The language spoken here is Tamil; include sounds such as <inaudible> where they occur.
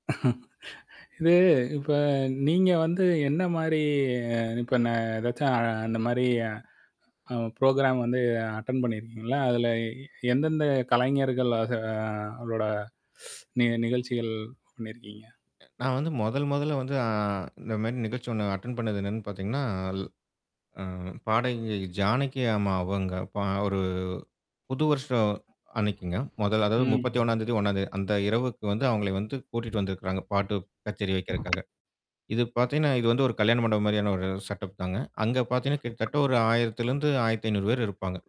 <chuckles> இது இப்ப நீங்க வந்து, என்ன மாரி இப்ப நான் ஏதாச்சும் அந்த மாரி அ, ப்ரோகிராம் வந்து அட்டெண்ட் பண்ணியிருக்கீங்களா? அதில எந்தெந்த கலைஞர்களாக அது அதோட <sniffs> நிகழ்ச்சிகள் பண்ணியிருக்கீங்க? நான் வந்து மொதல் மொதல்ல வந்து, அ, இந்த மாரி நிகழ்ச்சி ஒண்ணு அட்டெண்ட் பண்ணது என்னான்னு பார்த்தீங்கன்னா, அல் அ, பாடகி ஜானகி அம்மா அவங்க, பா ஒரு புது வருஷ அன்னைக்குங்க. மொதல் அதாவது ம். 31ம் தேதி 1ம் தேதி அந்த இரவுக்கு வந்து, அவங்கள வந்து கூட்டிட்டு வந்திருக்கிறாங்க பாட்டு கச்சேரி வெக்கிறக்காக. இது பார்த்தீங்கன்னா, இது வந்து ஒரு கல்யாண மண்டபம் மாரியான ஒரு செட் அப் தாங்க. அங்க பார்த்தீங்கன்னா கிட்டத்தட்ட ஒரு 1000 இருந்து 1500 பேரு இருப்பாங்க.